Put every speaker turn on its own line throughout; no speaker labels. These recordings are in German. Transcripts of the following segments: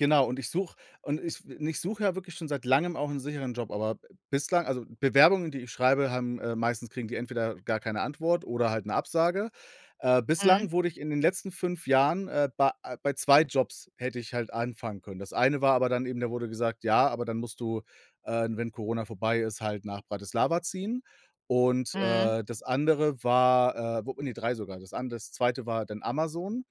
Genau, und ich suche und ich w und ich suche ja wirklich schon seit Langem auch 'n sicheren Job, aber b bislang also Bewerbungen, die ich schreibe, haben äh, meistens kriegen die entweder gar keine Antwort oder halt 'ne Absage, äh,
Mhm.
bislang wurde ich in den letzten 5 Jahren äh, bei, äh, bei 2 Jobs hätte ich halt anfangen können. Das eine war aber dann eben da wurde gesagt: „Ja, aber dann musst du, äh, wenn Corona vorbei ist, halt nach Bratislava ziehen.“ Und,
Mhm.
äh, das andere war, äh, wo ne, 3 sogar. Das an das 2. war dann Amazon,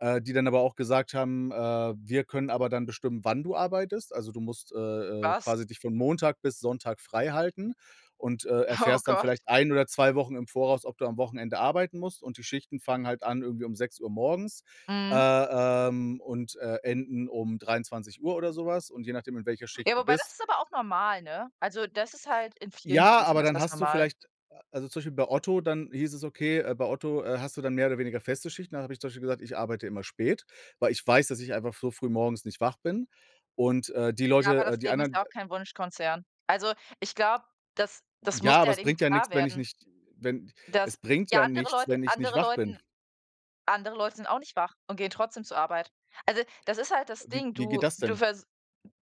äh, die dann aber auch gesagt haben, äh: „Wir können aber dann bestimmen, wann du arbeitest.“ Also, du musst, äh, äh,
Was?
quasi dich von Montag bis Sonntag freihalten und, äh,
Oh
erfährst dann vielleicht
Gott.
1 oder 2 Wochen im Voraus, ob du am Wochenende arbeiten musst. Und die Schichten fangen halt an, irgendwie um 6:00 morgens, äh,
Mhm.
ähm, und, äh, enden um 23:00 oder so was. Und je nachdem, in welcher
Ja,
Schicht du
wobei das
bist
ist aber auch normal, ne? Also, das ist halt in vielen
Ja,
Berufen
aber
ist
dann
das
hast du
normal.
vielleicht a also zum Beispiel bei Otto, dann hieß es, okay, äh, bei Otto, äh, hast du dann mehr oder weniger feste Schichten. Da habe ich zum Beispiel gesagt: „Ich arbeite immer spät, weil ich weiß, dass ich einfach f so früh morgens nicht wach bin.“ Und, äh, die
Ja, aber
Leute, äh
das
die
Leben ist
anderen
ja
d
auch kein Wunschkonzern. Also, ich glaube, das das muss
Ja,
dir
aber es
halt eben
bringt ja
klar
nichts, wenn ich
werden.
nicht äh, wenn es
Das
bringt
ja,
ja
andere
nichts,
Leute
wenn ich nicht
andere
wach
Leuten
bin.
andere Leute sind auch nicht wach und gehen trotzdem zur Arbeit. Also, das ist halt das
Wie
Ding,
wie geht
du
das
du
denn?
vers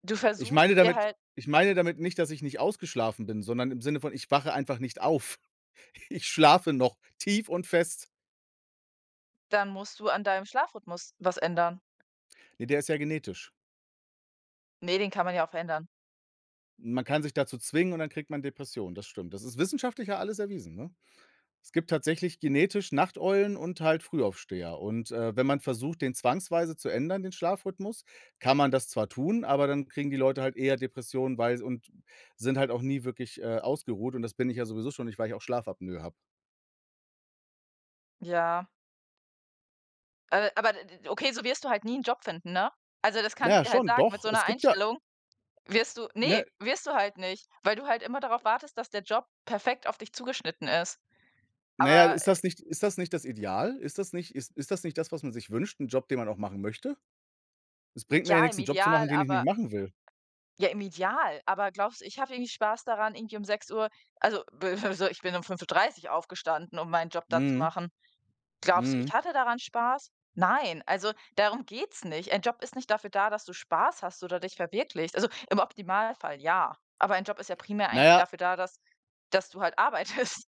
du
Ich
versuchst
meine
dir
damit
halt
ich meine damit nicht, dass ich nicht ausgeschlafen bin, sondern im Sinne von, ich wache einfach nicht auf. Ich schlafe noch tief und fest.
Dann musst du an deinem Schlafrhythmus was ändern.
Ne, der ist ja genetisch.
Ne, den kann man ja auch verändern.
Man kann sich dazu zwingen und dann kriegt man Depressionen, das stimmt. Das ist wissenschaftlich ja alles erwiesen, ne? Es gibt tatsächlich genetisch Nachteulen und halt Frühaufsteher. Und, äh, wenn man versucht, den zwangsweise zu ändern, den Schlafrhythmus, kann man das zwar tun, aber dann kriegen die Leute halt eher Depressionen, weil s und sind halt auch nie wirklich, äh, ausgeruht und das bin ich ja sowieso schon nicht, weil ich auch Schlafapnoe habe.
Ja. A aber d d d okay, so wirst du halt nie 'n Job finden, ne? Also, das
Na
kann ich
ja,
dir halt
schon,
sagen, mit
doch.
so 'ner
Es gibt ja
Einstellung wirst du ne,
Ne?
wirst du halt nicht, weil du halt immer darauf wartest, dass der Job perfekt auf dich zugeschnitten ist.
Na ja,
Aber,
ist
äh
das nicht ist das nicht das Ideal? Ist das nicht ist ist das nicht das, was man sich wünscht, 'n Job, den man auch machen möchte? Es bringt mir
Ja,
ja nichts
im
'n Job zu
Ideal,
machen, den ich nicht
aber
machen will.
ja, im Ideal, aber glaubst du, ich habe irgendwie Spaß daran, irgendwie um 6:00 also, [unintelligible] so, ich bin um 5:30 aufgestanden, um meinen Job da zu
Mhm.
machen. Glaubst du,
Mhm.
ich hatte daran Spaß? Nein, also darum geht's nicht. Ein Job ist nicht dafür da, dass du Spaß hast oder dich verwirklichst. Also, im Optimalfall ja, aber ein Job ist ja primär eigentlich
Na ja
dafür da, dass dass du halt arbeitest.